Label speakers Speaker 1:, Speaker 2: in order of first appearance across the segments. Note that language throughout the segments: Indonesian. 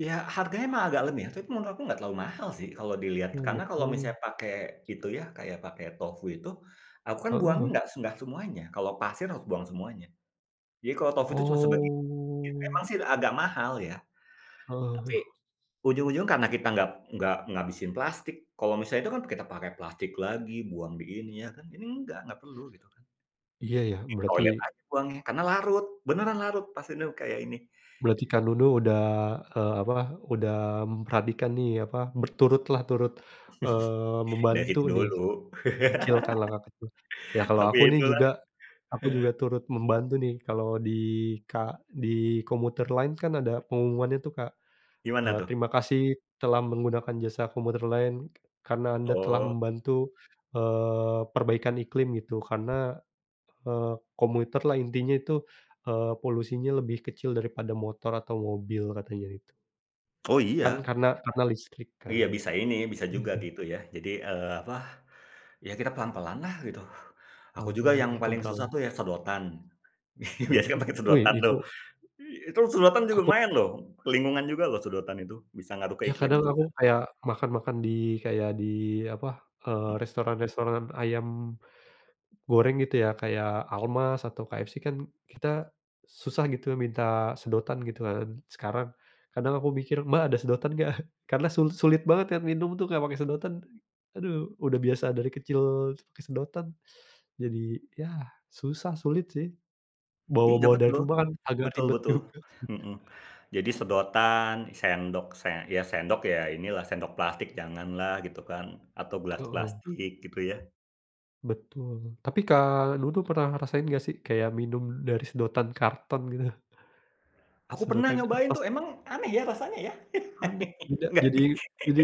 Speaker 1: Ya, harganya emang agak lem ya, tapi menurut aku nggak terlalu mahal sih, kalau dilihat.
Speaker 2: Oh,
Speaker 1: Karena
Speaker 2: gitu.
Speaker 1: kalau misalnya pakai, itu ya, kayak pakai tofu itu, aku kan buangnya
Speaker 2: Heeh.
Speaker 1: nggak se nggak semuanya. Kalau pasir harus buang semuanya. Jadi kalau tofu itu cuma sebagi i
Speaker 2: Oh
Speaker 1: emang sih agak mahal ya. Tapi,
Speaker 2: Heeh.
Speaker 1: ujung-ujung karena kita nggap nggak ngabisin plastik. Kalau misalnya itu kan, kita pakai plastik lagi, buang di ini, ya kan? Ini enggak, nggak perlu, gitu kan.
Speaker 2: Iya, ya.
Speaker 1: Di
Speaker 2: Berarti
Speaker 1: toilet aja buangnya karena larut, beneran larut, pas inau kayak ini.
Speaker 2: Berarti
Speaker 1: Git
Speaker 2: Kak Nunu udah, e apa, udah memperhatikan nih, apa, berturut lah, turut, eee,
Speaker 1: Dari
Speaker 2: membantu nih,
Speaker 1: dulu.
Speaker 2: kecil ka langkah kecil. Ya kalau
Speaker 1: Tapi,
Speaker 2: aku
Speaker 1: ya
Speaker 2: nih
Speaker 1: itulah.
Speaker 2: juga, aku juga
Speaker 1: Heeh.
Speaker 2: turut membantu nih, kalau di ka di commuter line kan ada pengumumannya tuh, Kak. E
Speaker 1: Gimana tuh?
Speaker 2: terima kasih telah menggunakan jasa commuter line, karena Anda telah
Speaker 1: Oh.
Speaker 2: membantu, eee, perbaikan iklim, gitu. Karena, e commuter lah intinya itu, e polusinya lebih kecil daripada motor atau mobil. Katanya itu.
Speaker 1: Oh iya.
Speaker 2: Kan karena karena listrik
Speaker 1: Iya
Speaker 2: kan.
Speaker 1: bisa ini, bisa juga, gitu ya. Jadi, eee apa, ya kita pelan-pelan lah, gitu. Aku juga
Speaker 2: Pelan-pelan
Speaker 1: yang
Speaker 2: kita
Speaker 1: paling susah
Speaker 2: beralih.
Speaker 1: tuh ya sedotan. Biasanya kan
Speaker 2: Sedotan,
Speaker 1: pakai
Speaker 2: woi
Speaker 1: sedotan tuh.
Speaker 2: itu
Speaker 1: I itu sedotan juga
Speaker 2: Aku
Speaker 1: lumayan loh. Lingkungan juga loh sedotan itu. Bisa ngaruh ke
Speaker 2: Ya,
Speaker 1: iklim
Speaker 2: kadang aku
Speaker 1: juga.
Speaker 2: kayak, makan-makan di, kayak di, apa, eee,
Speaker 1: Hmm.
Speaker 2: restoran-restoran ayam goreng, gitu ya. Kayak Almaz atau KFC kan, kita susah gitu ya minta sedotan, gitu kan sekarang. Kadang aku mikir, "Mbak ada sedotan nggak?" Karena sul sulit banget kan, minum tuh nggak pake sedotan. Aduh, udah biasa dari kecil pakai sedotan. Jadi, yah susah, sulit sih.
Speaker 1: Iya
Speaker 2: Bawa-bawa dari
Speaker 1: betul.
Speaker 2: rumah kan, agak
Speaker 1: Betul
Speaker 2: ribet
Speaker 1: betul.
Speaker 2: juga sih.
Speaker 1: Heeh. Jadi sedotan, sendok se ya sendok, ya inilah, sendok plastik janganlah, gitu kan. Atau gelas
Speaker 2: Heeh.
Speaker 1: plastik, gitu ya.
Speaker 2: Betul. Tapi Kak Nunu pernah rasain nggak sih? Kayak minum dari sedotan karton, gitu?
Speaker 1: Aku pernah
Speaker 2: Sedotan
Speaker 1: nyobain
Speaker 2: kertas.
Speaker 1: tuh. Emang aneh ya? Rasanya ya?
Speaker 2: Aneh, tidak
Speaker 1: Nggak
Speaker 2: jadi jadi,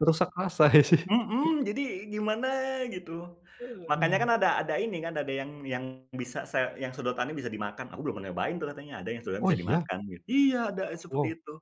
Speaker 2: merusak rasa ya sih.
Speaker 1: Mhm. Jadi, gimana gitu.
Speaker 2: E
Speaker 1: Makanya kan
Speaker 2: aduh.
Speaker 1: ada ada ini kan, ada yang yang bisa se yang sedotannya bisa dimakan. Aku belum pernah nyobain tuh, katanya ada yang sedotannya
Speaker 2: Oh
Speaker 1: bisa
Speaker 2: iya?
Speaker 1: dimakan, git Iya, ada seperti
Speaker 2: Wow.
Speaker 1: itu.